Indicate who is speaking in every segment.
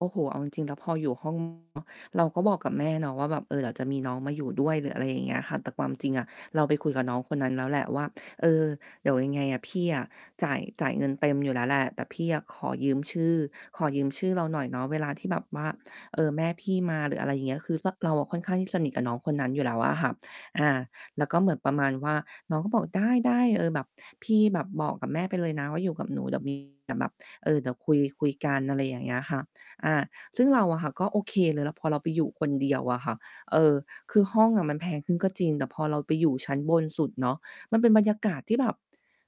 Speaker 1: โอ้โฮ เอาจริง ๆ แล้วพออยู่ ห้อง เนาะ เราก็บอกกับแม่เนาะว่า แบบ "เออ เดี๋ยวจะมีน้องมาอยู่ด้วย" หรืออะไรอย่างเงี้ยค่ะ แต่ความจริงอะ เราไปคุยกับน้องคนนั้นแล้วแหละว่า "เออ เดี๋ยวยังไงอะ พี่อะจ่าย จ่ายเงินเต็มอยู่แล้วแหละ แต่พี่อะขอยืมชื่อ ขอยืมชื่อเราหน่อยเนาะ เวลาที่แบบว่า เออ แม่พี่มา" หรืออะไรอย่างเงี้ย ก็คือซะ เราอะค่อนข้างที่สนิทกับน้องคนนั้นอยู่แล้วอะค่ะ อา แล้วก็เหมือนประมาณว่า น้องก็บอก "ได้ ๆ เออ แบบพี่แบบบอกกับแม่ไปเลยนะว่าอยู่กับหนู เดี๋ยว มี แต่แบบ เออ เดี๋ยวคุย คุยกัน" อะไรอย่างเงี้ยค่ะ อา ซึ่งเราอะค่ะ ก็โอเคเลย แล้วพอเราไปอยู่คนเดียวอะค่ะ เออ คือห้องอะมันแพงขึ้นก็จริง แต่พอเราไปอยู่ชั้นบนสุดเนาะ มันเป็นบรรยากาศที่แบบ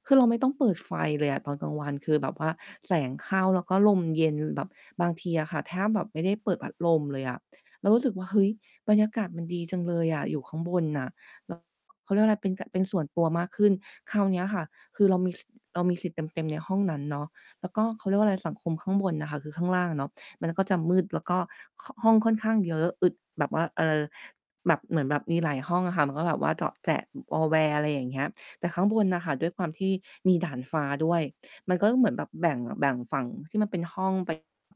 Speaker 1: คือเราไม่ต้องเปิดไฟเลยอะ ตอนกลางวันคือแบบว่าแสงเข้า แล้วก็ลมเย็น แบบบางทีอะค่ะแทบแบบไม่ได้เปิดพัดลมเลยอะ เรารู้สึกว่า เฮ้ย บรรยากาศมันดีจังเลยอะ อยู่ข้างบนน่ะ แล้ว เขาเรียกว่าอะไร เป็นกะ เป็นส่วนตัวมากขึ้น คราวเนี้ยค่ะ คือเรามี ส เรามีสิทธิ์เต็ม ๆ ในห้องนั้นเนาะ แล้วก็ เขาเรียกว่าไร สังคมข้างบนน่ะค่ะ คือข้างล่างอะเนาะ มันก็จะมืด แล้วก็ ข ห้องค่อนข้างเยอะ อึดแบบว่า เออ แบบเหมือนแบบมีหลายห้องอะค่ะ มันก็แบบว่าเจาะแจะวอแว อะไรอย่างเงี้ย แต่ข้างบนน่ะค่ะ ด้วยความที่มีดาดฟ้า ด้วย มันก็คือเหมือนแบบแบ่ง แบ่งฝั่งที่มันเป็นห้อง ไป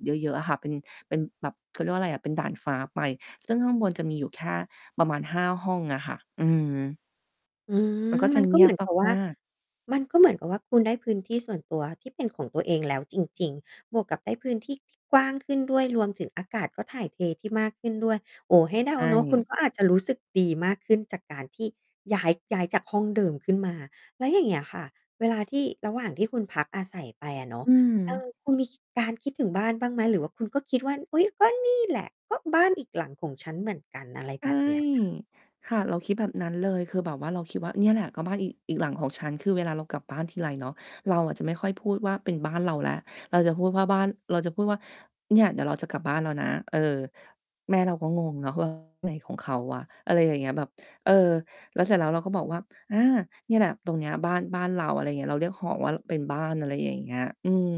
Speaker 1: เยอะ ๆ อะ ค่ะ เป็น เป็นแบบ เขาเรียกว่าไรอะ เป็นดาดฟ้า ไป ซึ่งข้างบนจะมีอยู่แค่ประมาณ 5 ห้องอะค่ะ อืม
Speaker 2: อื
Speaker 1: มัน
Speaker 2: ม
Speaker 1: ก็จ
Speaker 2: ม
Speaker 1: ะ
Speaker 2: ัน
Speaker 1: เ
Speaker 2: ก
Speaker 1: ง
Speaker 2: ็
Speaker 1: ี
Speaker 2: เห
Speaker 1: ย
Speaker 2: ม
Speaker 1: บ
Speaker 2: ือนกับว่
Speaker 1: ม
Speaker 2: า
Speaker 1: าก ๆ
Speaker 2: มันก็เหมือนกับว่าคุณได้พื้นที่ส่วนตัว ที่เป็นของตัวเอง แล้วจริง ๆ บวกกับได้พื้นที่ที่กว้างขึ้นด้วย รวมถึงอากาศก็ถ่ายเทที่มากขึ้นด้วย โอ้ ให้เด
Speaker 1: ใ
Speaker 2: า
Speaker 1: ช
Speaker 2: เนาะ คุณ
Speaker 1: ่
Speaker 2: ก็อาจจะรู้สึกดีมากขึ้นจากการที่ย้าย ย้ายจากห้องเดิมขึ้นมา แล้วอย่างเงี้ยค่ะ เวลาที่ ระหว่างที่คุณพักอาศัยไปอะเนาะ
Speaker 1: อื
Speaker 2: เอ
Speaker 1: ม
Speaker 2: อ คุณมีคิ การคิดถึงบ้านบ้างไหม? หรือว่าคุณก็คิดว่า "อุ๊ย ก็นี่แหละ ก็บ้านอีกหลังของฉันเหมือนกัน" อะไร
Speaker 1: ใช
Speaker 2: แ
Speaker 1: ่
Speaker 2: บบเนี้ย ค่ะ
Speaker 1: ค่ะ เราคิดแบบนั้นเลย คือแบบว่าเราคิดว่า "เนี่ยแหละก็บ้านอี อีกหลังของฉัน" คือเวลาเรากลับบ้านทีไรเนาะ เราอะจะไม่ค่อยพูดว่า เป็นบ้านเราแล้ว เราจะพูดว่าบ้าน เราจะพูดว่า "เนี่ย เดี๋ยวเราจะกลับบ้านแล้วนะ" เออ แม่เราก็งงเนาะ ว่า "อะไรของเขาวะ?" อะไรอย่างเงี้ย แบบ เออ แล้วเสร็จแล้ว เราก็บอกว่า "อา เนี่ยแหละ ตรงเนี้ยบ้าน บ้านเรา" อะไรเงี้ย เราเรียกหอว่าเป็นบ้าน อะไรอย่างเงี้ย อืม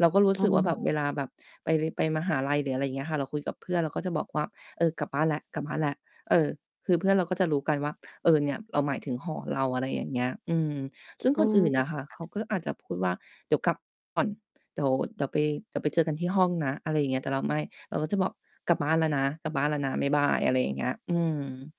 Speaker 1: เราก็ รู้
Speaker 2: อ้
Speaker 1: สึกว่า แบบ
Speaker 2: อ
Speaker 1: เวลาแบบไป ร ไปมหาลัย หรืออะไรอย่างเงี้ยค่ะ เราคุยกับเพื่อน เราก็จะบอกว่า "เออ กลับบ้านแล้ว ๆ" เออ คือเพื่อนเราก็จะรู้กันว่า เออ เนี่ย เราหมายถึงหอเรา อะไรอย่างเงี้ย อืม ซึ่ง
Speaker 2: อ
Speaker 1: ค
Speaker 2: ้อ
Speaker 1: นอื่นน่ะค่ะ
Speaker 2: ค่
Speaker 1: เขา
Speaker 2: ะ
Speaker 1: ก็อาจจะพูดว่า "เดี๋ยวกลับ ก่อน เดี๋ยว เดี๋ยวไป กลับไปเจอกันที่ห้องนะ" อะไรอย่างเงี้ย แต่เราไม่ เราก็จะบอก "กลับบ้านแล้วนะ กลับบ้านแล้วนะ บ๊ายบาย" อะไรอย่างเงี้ย อืม